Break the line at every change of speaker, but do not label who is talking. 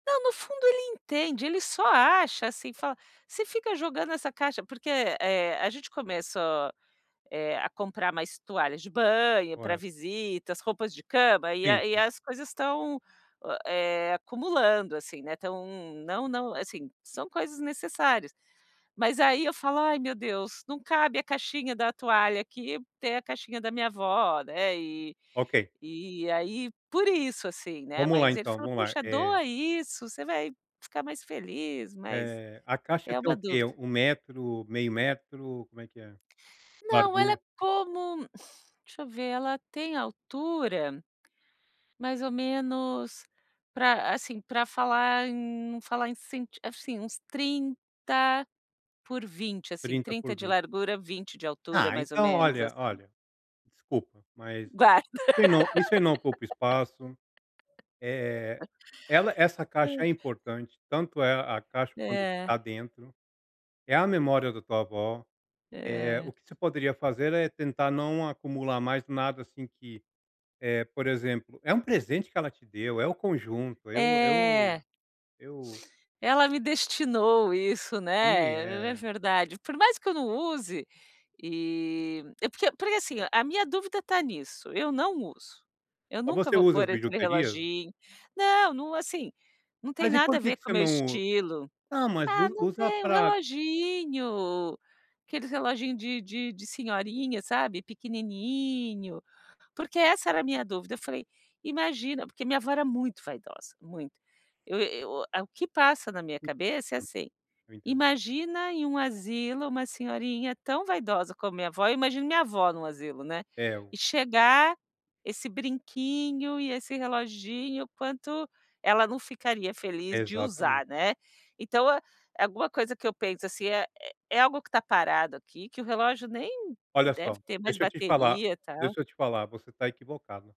Não, no fundo ele entende, ele só acha assim, fala: “Você fica jogando essa caixa”, porque, eh, a gente começa, eh, a comprar mais toalhas de banho pra
Olha.
visitas, roupas de cama, e
Sim.
a e aí as coisas estão, eh, acumulando assim, né, estão não não assim, são coisas necessárias. Mas aí eu falo: “Ai, meu Deus, não cabe a caixinha da toalha aqui tem a caixinha da minha avó, né.”, e
Ok.
e aí por isso, assim, né.
Vamos lá
Mas ele
então,
fala:
vamos lá,
“Puxa,
eh
doa isso, você vai ficar mais feliz”, mas
Eh, a caixa
é
tem
uma
o quê?
dúvida.
1 metro, meio metro, como é?
Não, ela é
Largura.
como, deixa eu ver, ela tem altura, mais ou menos, pra assim, pra falar em num falar em cent assim uns 30 por 20, assim,
30
30
por
de
20.
largura 20 de altura,
Ah
mais ou
então
menos
olha
assim.
olha, desculpa, mas
Guarda.
isso não isso aí não ocupa espaço, eh, ela, essa caixa é importante, tanto é a caixa quanto o que está
É.
dentro, é a memória da tua avó. Eh,
É.
o que você poderia fazer é tentar não acumular mais nada, assim, que, eh, por exemplo, é um presente que ela te deu, é o conjunto, eu eu
É.
eu
Ela me destinou isso,
E,
né, é
é.
verdade. Por mais que eu não use, e é porque porque, assim, a minha dúvida está nisso, eu não uso, eu
Ó,
nunca
você
vou
usa as
pôr aquele
bijuterias?
reloginho, não, não, assim, não tem
Mas e
nada a
por que
ver
que
com o
você
meu
não
estilo.
Ah, mas
Ah,
us
não
usa
tem um
pra
reloginho, aqueles reloginho de de de senhorinha, sabe, pequenininho. Porque essa era a minha dúvida, eu falei: “Imagina”, porque minha avó era muito vaidosa, muito. Eu eu o que passa na minha
Eu
cabeça é
entendo.
assim:
Eu entendo.
“Imagina em um asilo uma senhorinha tão vaidosa como minha avó”, eu imagino minha avó num asilo, né,
É o
e chegar esse brinquinho e esse reloginho, o quanto ela não ficaria feliz de
Exatamente.
usar, né. Então, alguma coisa que eu penso, assim, é é algo que está parado aqui, que o relógio nem
Olha
deve
só,
ter mais
deixa eu te falar
bateria e tal.
deixa eu te falar, você está equivocada.